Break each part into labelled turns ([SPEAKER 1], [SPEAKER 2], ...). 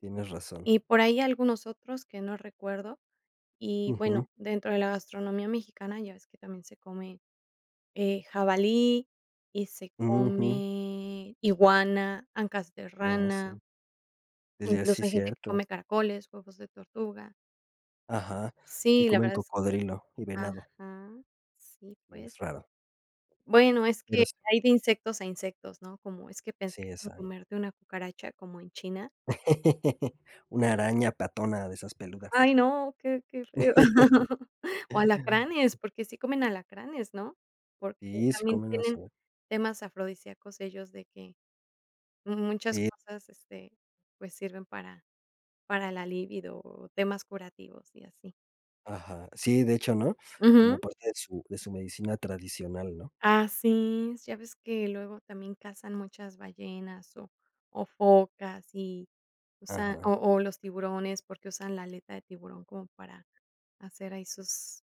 [SPEAKER 1] Tienes razón.
[SPEAKER 2] Y por ahí algunos otros que no recuerdo, y
[SPEAKER 1] Ujú.
[SPEAKER 2] bueno, dentro de la gastronomía mexicana ya ves que también se come, eh, jabalí, y se
[SPEAKER 1] Mm. Ujú.
[SPEAKER 2] come iguana, ancas de
[SPEAKER 1] Ah, sí.
[SPEAKER 2] rana.
[SPEAKER 1] Ya, sí,
[SPEAKER 2] Incluso hay gente que
[SPEAKER 1] cierto.
[SPEAKER 2] come caracoles, huevos de tortuga.
[SPEAKER 1] Ajá, que
[SPEAKER 2] Sí, la
[SPEAKER 1] comen
[SPEAKER 2] verdad es que,
[SPEAKER 1] cocodrilo y venado.
[SPEAKER 2] ajá, si
[SPEAKER 1] Sí,
[SPEAKER 2] pues
[SPEAKER 1] es raro.
[SPEAKER 2] bueno, es que
[SPEAKER 1] Pero sí.
[SPEAKER 2] hay de insectos a insectos, ¿no? Cómo es que pensar
[SPEAKER 1] Sí,
[SPEAKER 2] en
[SPEAKER 1] exacto.
[SPEAKER 2] comerte una cucaracha como en China.
[SPEAKER 1] Una araña patona de esas peludas.
[SPEAKER 2] Ay, no, qué qué feo. O alacranes, porque sí comen alacranes, ¿no? Porque
[SPEAKER 1] Sí, sí,
[SPEAKER 2] también
[SPEAKER 1] comen, a
[SPEAKER 2] tienen
[SPEAKER 1] saber.
[SPEAKER 2] temas afrodisíacos ellos, de que muchas
[SPEAKER 1] Sí.
[SPEAKER 2] cosas, este, pues, sirven para para la líbido o temas curativos, y así.
[SPEAKER 1] Ajá, sí, de hecho, ¿no? Como
[SPEAKER 2] Ajá.
[SPEAKER 1] parte de su de su medicina tradicional, ¿no?
[SPEAKER 2] Ah, sí, ya ves que luego también cazan muchas ballenas, o o, focas, y usan o
[SPEAKER 1] Ajá.
[SPEAKER 2] o, los tiburones, porque usan la aleta de tiburón como para hacer ahí sus,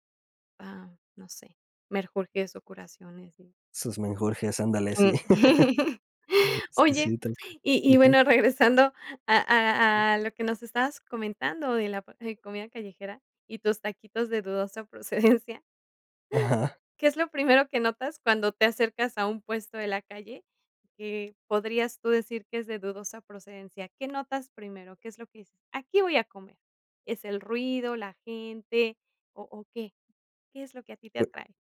[SPEAKER 2] ajá, no sé, menjurjes, o, curaciones, sí.
[SPEAKER 1] Sus menjurjes, ándale, sí.
[SPEAKER 2] Sí.
[SPEAKER 1] Sí,
[SPEAKER 2] Oye,
[SPEAKER 1] sientan.
[SPEAKER 2] y y
[SPEAKER 1] Ujú.
[SPEAKER 2] bueno, regresando a a a lo que nos estabas comentando de la p comida callejera y tus taquitos de dudosa procedencia,
[SPEAKER 1] Ajá.
[SPEAKER 2] ¿qué es lo primero que notas cuando te acercas a un puesto de la calle que podrías tú decir que es de dudosa procedencia? ¿Qué notas primero? ¿Qué es lo que dices? "Aquí voy a comer". ¿Es el ruido, la gente, o o qué? ¿Qué es lo que a ti te atrae?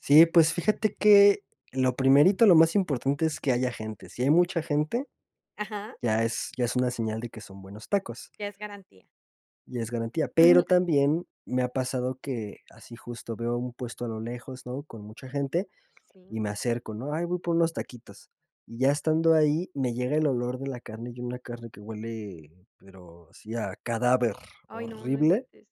[SPEAKER 1] Sí, pues fíjate que lo primerito, lo más importante es que haya gente. Si hay mucha gente,
[SPEAKER 2] Ajá.
[SPEAKER 1] ya es ya es una señal de que son buenos tacos
[SPEAKER 2] Ya es garantía.
[SPEAKER 1] Ya es garantía. Pero
[SPEAKER 2] Ujú.
[SPEAKER 1] también me ha pasado que, así justo, veo un puesto a lo lejos, ¿no? Con mucha gente, y
[SPEAKER 2] Sí.
[SPEAKER 1] me acerco, ¿no? "Ay, voy por unos taquitos". Y ya estando ahí, me llega el olor de la carne, y una carne que huele, pero sí, a cadáver
[SPEAKER 2] Ay, no. No
[SPEAKER 1] horrible
[SPEAKER 2] inventes.